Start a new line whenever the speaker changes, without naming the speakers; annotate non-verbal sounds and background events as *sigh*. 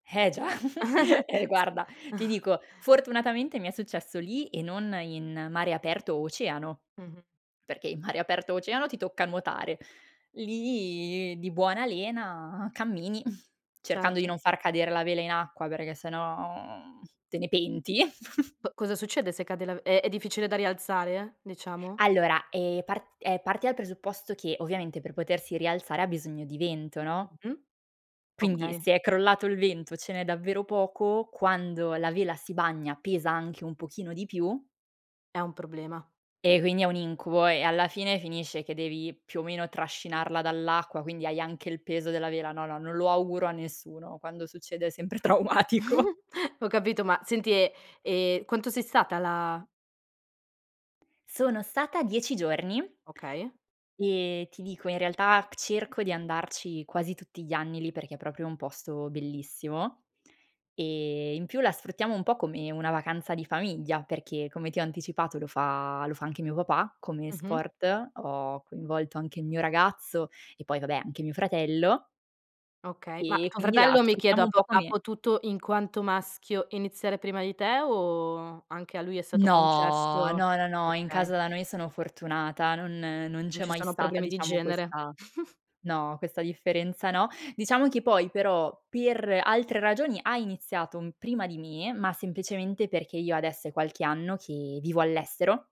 Eh già. *giggles*
*chuckles*
Eh
S
guarda, ti
*chuckles*
dico, fortunatamente mi è successo lì e non in mare aperto o oceano,
Mh-mh.
perché in mare aperto o oceano ti tocca nuotare. Lì di buona lena cammini *chuckles* cercando di
Certo.
non far cadere la vela in acqua perché se no, uhm, te ne penti. *chuckles*
Co cosa succede se cade la v è è difficile da rialzare, diciamo?
Allora, ehm, part ehm, parti dal presupposto che ovviamente per potersi rialzare ha bisogno di vento, no?
Mh-mh.
Quindi
Okay.
se è crollato il vento o ce n'è davvero poco, quando la vela si bagna pesa anche un pochino di più
È un problema.
Eh, quindi è un incubo e alla fine finisce che devi più o meno trascinarla dall'acqua, quindi hai anche il peso della vela. No, no, non lo auguro a nessuno. Quando succede è sempre traumatico.
*chuckles* Ho capito, ma senti e, ehm, quanto sei stata là?
Sono stata 10 giorni
Okay.
ehm, ti dico in realtà c cerco di andarci quasi tutti gli anni lì perché è proprio un posto bellissimo. Ehm, in più la sfruttiamo un po' come una vacanza di famiglia perché, come ti ho anticipato, lo fa lo fa anche mio papà come
Mh-mh.
sport, ho coinvolto anche il mio ragazzo e poi vabbè anche mio fratello
Okay, ma
ehm, e
tuo
quindi la
fratello mi chiedo
sfruttiamo
ha
un po'
po ha
come
potuto, in quanto maschio, iniziare prima di te o anche a lui è stato
No,
concesso
no, no, no, in
okay.
casa da noi sono fortunata, non non
Non
c'è
ci
mai
sono
stata
problemi di
diciamo
genere.
questa
*chuckles*
no, questa differenza no. Diciamo che poi però per altre ragioni ha iniziato un prima di me, ma semplicemente perché io adesso è qualche anno che vivo all'estero